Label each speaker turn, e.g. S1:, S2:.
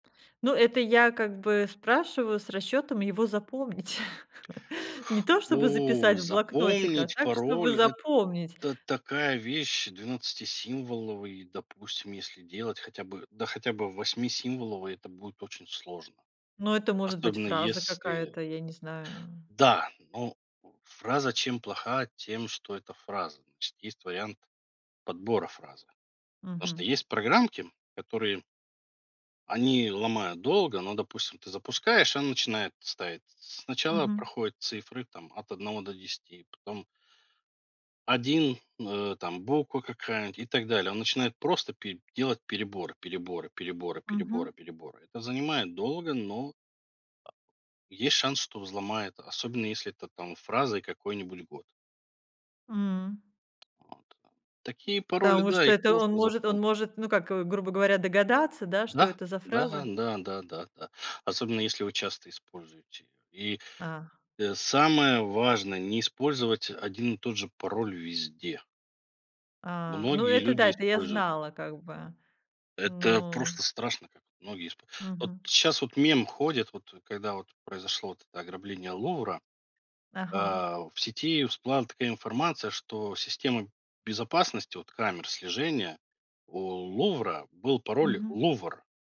S1: Ну, это я как бы спрашиваю с расчетом его запомнить. Не то чтобы
S2: О,
S1: записать в блокнотик, а
S2: запомнить
S1: так, чтобы
S2: пароль-
S1: запомнить.
S2: это такая вещь. Двенадцатисимволовый, допустим, если делать хотя бы, да хотя бы восьмисимволовый, это будет очень сложно.
S1: Но это может быть
S2: Особенно
S1: фраза
S2: если.
S1: какая-то, я не знаю.
S2: Да, но. Фраза чем плоха, тем что это фраза. Значит есть вариант подбора фразы. Просто
S1: Мгм.
S2: есть программки, которые они ломают долго, но, допустим, ты запускаешь и она начинает ставить. Сначала
S1: Мгм.
S2: проходит цифры, там, от 1 до 10, потом 1, э, там буква какая-нибудь, и так далее. Он начинает просто пе делать переборы, переборы, переборы, переборы,
S1: Мгм.
S2: переборы. Это занимает долго, но, а, есть шанс, что взломает. Особенно, если это там фразой какой-нибудь год.
S1: М.
S2: Вот, да. Такие пароли,
S1: Потому
S2: да,
S1: что
S2: их
S1: это он
S2: просто
S1: может
S2: запол.
S1: он может, ну как, грубо говоря, догадаться, да, что
S2: Да.
S1: это за
S2: Да
S1: фраза?
S2: да да да да. Особенно если вы часто используете и,
S1: А.
S2: э, самое важное, не использовать 1 один и тот же пароль везде.
S1: А. Ну,
S2: Многие
S1: это
S2: люди
S1: да, это я
S2: используют.
S1: знала как бы.
S2: Это
S1: Ну.
S2: просто страшно, как многие испо вот
S1: Мгм.
S2: щас вот мем ходит, вот когда вот произошло вот это ограбление Лувра.
S1: Ага.
S2: А, в сети всплыла такая информация, что система безопасности вот камер слежения: у Лувра был пароль
S1: Мгм.
S2: "Лувр".